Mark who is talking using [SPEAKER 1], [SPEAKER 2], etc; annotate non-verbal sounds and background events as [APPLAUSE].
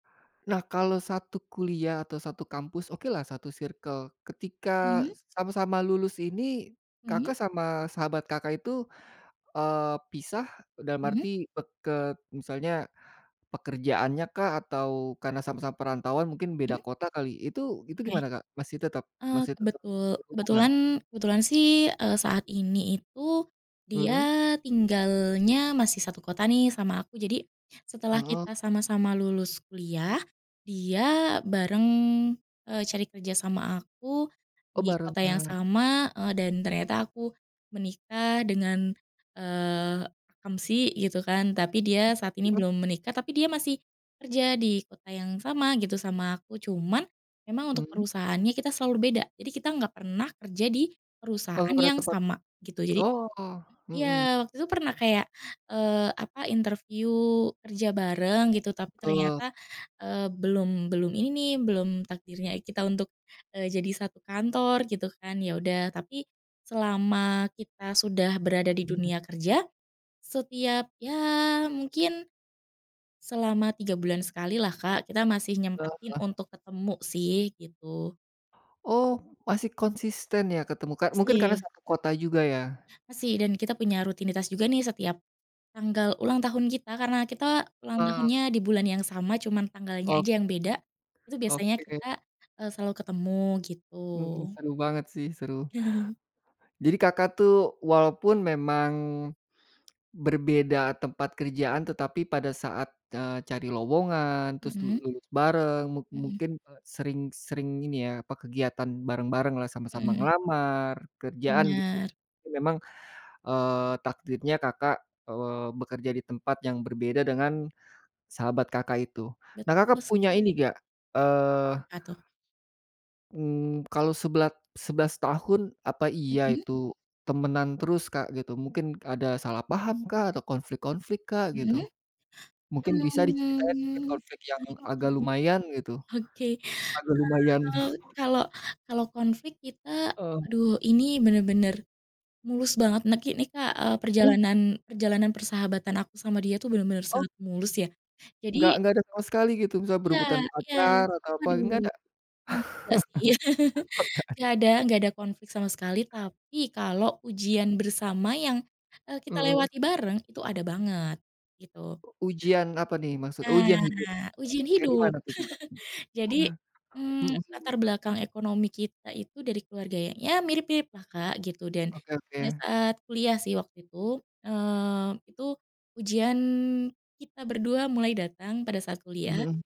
[SPEAKER 1] Nah kalau 1 kuliah atau 1 kampus okelah 1 circle ketika
[SPEAKER 2] Mhm?
[SPEAKER 1] sama-sama lulus ini,
[SPEAKER 2] Mhm.
[SPEAKER 1] Kakak, sama sahabat, Kakak itu, eee, pisah dalam
[SPEAKER 2] Mhm.
[SPEAKER 1] arti peket misalnya pekerjaannya kah atau karena sama-sama perantauan mungkin beda
[SPEAKER 2] Mhm.
[SPEAKER 1] kota kali itu itu
[SPEAKER 2] Oke,
[SPEAKER 1] gimana, Kak, masih tetap
[SPEAKER 2] eee,
[SPEAKER 1] masih tetap
[SPEAKER 2] kebetul
[SPEAKER 1] berhubungan?
[SPEAKER 2] kebetulan kebetulan sih, eee, saat ini itu,
[SPEAKER 1] Mhm.
[SPEAKER 2] dia tinggalnya masih 1 kota nih sama aku jadi, setelah
[SPEAKER 1] Heeh.
[SPEAKER 2] kita sama-sama lulus kuliah dia bareng, eee, cari kerja sama aku,
[SPEAKER 1] Oh,
[SPEAKER 2] di kota yang
[SPEAKER 1] barengan.
[SPEAKER 2] sama, eee, dan ternyata aku menikah dengan, eee, akamsi gitu kan, tapi dia
[SPEAKER 1] Mhm
[SPEAKER 2] saat ini
[SPEAKER 1] mhm.
[SPEAKER 2] belum menikah tapi dia masih, kerja di kota yang sama gitu sama aku. Cuman, emang untuk
[SPEAKER 1] Mhm.
[SPEAKER 2] perusahaannya kita selalu beda, jadi kita nggak pernah kerja di
[SPEAKER 1] Oh
[SPEAKER 2] perusahaan
[SPEAKER 1] pada
[SPEAKER 2] yang
[SPEAKER 1] tempat
[SPEAKER 2] sama, gitu. Jadi
[SPEAKER 1] oh, mhm.
[SPEAKER 2] iya waktu itu pernah kayak, eee, apa interview kerja bareng gitu tapi
[SPEAKER 1] Betul.
[SPEAKER 2] ternyata, eee, belum belum ini nih belum takdirnya kita untuk, eee, jadi 1 kantor gitu kan ya udah tapi selama kita sudah berada di
[SPEAKER 1] Mhm.
[SPEAKER 2] dunia kerja, setiap ya mungkin, selama 3 bulan sekali lah, Kak, kita masih nyempetin
[SPEAKER 1] Heeh.
[SPEAKER 2] untuk ketemu sih, gitu.
[SPEAKER 1] Oh, masih konsisten ya ketemu, Kak, mungkin karena
[SPEAKER 2] Masih.
[SPEAKER 1] 1 kota juga ya.
[SPEAKER 2] Masih dan kita punya rutinitas juga nih setiap, tanggal ulang tahun kita karena kita ulang
[SPEAKER 1] Heeh.
[SPEAKER 2] tahunnya di bulan yang sama cuman tanggalnya
[SPEAKER 1] Oh.
[SPEAKER 2] aja yang beda, itu biasanya
[SPEAKER 1] Oke.
[SPEAKER 2] kita, eee, selalu ketemu, gitu.
[SPEAKER 1] Mhm, seru banget sih seru.
[SPEAKER 2] [CHUCKLES]
[SPEAKER 1] Jadi, Kakak, tuh walaupun memang, berbeda tempat kerjaan tetapi pada saat, eee, cari lowongan terus
[SPEAKER 2] Mhm.
[SPEAKER 1] lulus bareng mung
[SPEAKER 2] Mhm.
[SPEAKER 1] mungkin sering sering ini, ya apa kegiatan bareng-bareng lah
[SPEAKER 2] Mhm
[SPEAKER 1] sama-sama
[SPEAKER 2] mhm.
[SPEAKER 1] ngelamar kerjaan gitu.
[SPEAKER 2] Benar.
[SPEAKER 1] Itu memang, eee, takdirnya, Kakak, eee, bekerja di tempat yang berbeda dengan, sahabat Kakak itu. Nah
[SPEAKER 2] Betul
[SPEAKER 1] Kakak
[SPEAKER 2] se
[SPEAKER 1] punya ini nggak, eee
[SPEAKER 2] Apa tuh?
[SPEAKER 1] mmm, kalau sebela 11 tahun apa iya
[SPEAKER 2] Mhm.
[SPEAKER 1] itu, temenan terus, Kak gitu, mungkin ada salah paham kah atau konflik-konflik, Kak gitu?
[SPEAKER 2] Mhm,
[SPEAKER 1] Mungkin
[SPEAKER 2] [INHALES]
[SPEAKER 1] bisa diceritain mungkin
[SPEAKER 2] mmm,
[SPEAKER 1] konflik yang agak
[SPEAKER 2] mhm
[SPEAKER 1] lumayan gitu,
[SPEAKER 2] oke oke,
[SPEAKER 1] agak lumayan
[SPEAKER 2] eee,
[SPEAKER 1] [CHUCKLES]
[SPEAKER 2] kalau kalau konflik kita,
[SPEAKER 1] Oh.
[SPEAKER 2] aduh ini benar-benar, mulus banget neki nih, Kak, eee,
[SPEAKER 1] Uh.
[SPEAKER 2] perjalanan perjalanan persahabatan aku sama dia tuh benar-benar
[SPEAKER 1] Oh.
[SPEAKER 2] sangat mulus ya,
[SPEAKER 1] Enggak
[SPEAKER 2] jadi
[SPEAKER 1] enggak ada sama sekali gitu, misalnya
[SPEAKER 2] Iya
[SPEAKER 1] berebutan
[SPEAKER 2] iya
[SPEAKER 1] pacar atau apa
[SPEAKER 2] aduh
[SPEAKER 1] enggak ada?
[SPEAKER 2] nggak sih, [LAUGHS]
[SPEAKER 1] [LAUGHS] Okay.
[SPEAKER 2] nggak ada nggak ada konflik sama sekali, tapi kalau ujian bersama yang, eee, kita
[SPEAKER 1] Mhm.
[SPEAKER 2] lewati bareng itu ada banget, gitu.
[SPEAKER 1] Ujian apa nih maksud oh ujian hidup,
[SPEAKER 2] Nah ujian
[SPEAKER 1] kayak
[SPEAKER 2] hidup
[SPEAKER 1] gimana tuh, Kakak?
[SPEAKER 2] [CHUCKLES] jadi,
[SPEAKER 1] [CHUCKLES]
[SPEAKER 2] mmm,
[SPEAKER 1] Mhm
[SPEAKER 2] latar
[SPEAKER 1] mhm.
[SPEAKER 2] belakang ekonomi kita itu dari keluarga ya mirip-mirip lah, Kak, gitu dan,
[SPEAKER 1] Oke
[SPEAKER 2] pada
[SPEAKER 1] oke.
[SPEAKER 2] saat kuliah sih waktu itu, eee, itu ujian kita berdua mulai datang pada saat
[SPEAKER 1] Mhm
[SPEAKER 2] kuliah
[SPEAKER 1] mhm.